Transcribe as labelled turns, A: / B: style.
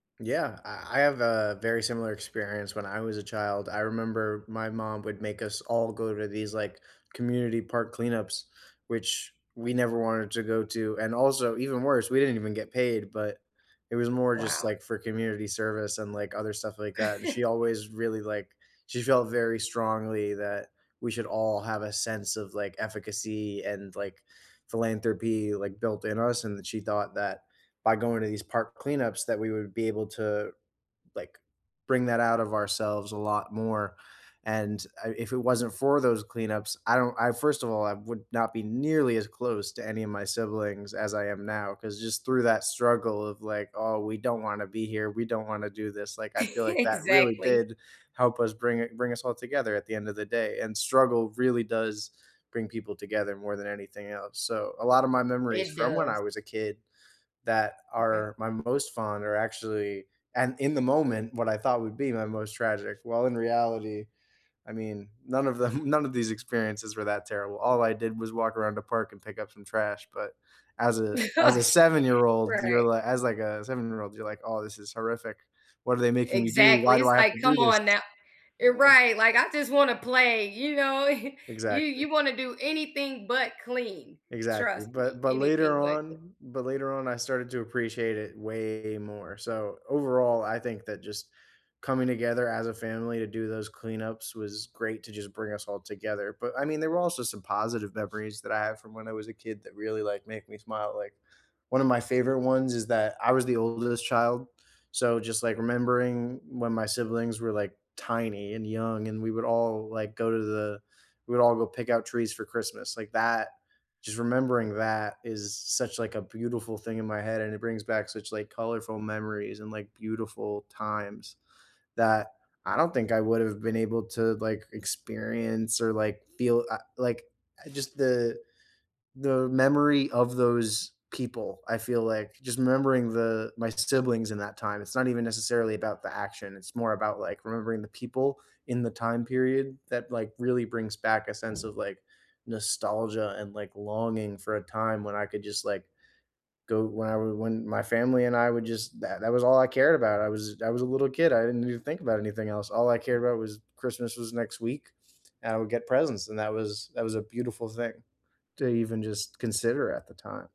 A: Yeah, I I have a very similar experience when I was a child, I remember my mom would make us all go to these, like, community park cleanups, which we never wanted to go to, and also even worse, we didn't even get paid, but it was more just
B: Wow.
A: like for community service and, like, other stuff like that, and she always really like she felt very strongly that we should all have a sense of, like, efficacy and like, philanthropy, like, built in us, and that she thought that by going to these park cleanups, that we would be able to, like, bring that out of ourselves a lot more, and I if it wasn't for those cleanups, I don't I first of all, I would not be nearly as close to any of my siblings as I am now, 'cause just through that struggle of, like, "Oh, we don't wanna be here, we don't wanna do this," like, I feel like that really
B: Exactly.
A: did help us bring i bring us all together at the end of the day, and struggle really does bring people together more than anything else. So, a lotta my memories
B: It
A: from when I
B: does.
A: was a kid, that
B: Okay.
A: are my most fond are actually and in the moment, what I thought would be my most tragic, while in reality, I mean, none of them none of these experiences were that terrible, all I did was walk around the park and pick up some trash, but as a as a seven-year-old, you're as
B: Right.
A: li as, like, a seven-year-old, you're like, "Oh, this is horrific, what are they making me do? Why
B: Exactly,
A: do
B: it's
A: I have
B: like,
A: to do
B: "Come
A: this?"
B: on now" eh,
A: Yeah.
B: right, like, "I just wanna play," you know? You
A: Exactly.
B: you wanna do anything but clean,
A: Exactly,
B: trust
A: but
B: me,
A: but later
B: anything but cl
A: on but later on, I started to appreciate it way more, so, overall, I think that just coming together as a family to do those cleanups was great to just bring us all together, but I mean, there were also some positive memories that I have from when I was a kid, that really like make me smile. Like one of my favorite ones is that I was the oldest child, so, just, like, remembering when my siblings were, like, tiny and young, and we would all, like, go to the we would all go pick out trees for Christmas, like, that just remembering that, is such, like, a beautiful thing in my head, and it brings back such, like, colorful memories and, like, beautiful times that I don't think I would've been able to, like, experience or, like, feel, uh like, uh, just the the memory of those people, I feel like just remembering the my siblings in that time, it's not even necessarily about the action, it's more about, like, remembering the people in the time period that, like, really brings back a sense of, like, nostalgia and, like, longing for a time, when I could just like go when I would when my family and I would just that that was all I cared about, I was I was a little kid, I didn't even think about anything else. All I cared about was Christmas was next week, and I would get presents and that was that was a beautiful thing to even just consider at the time.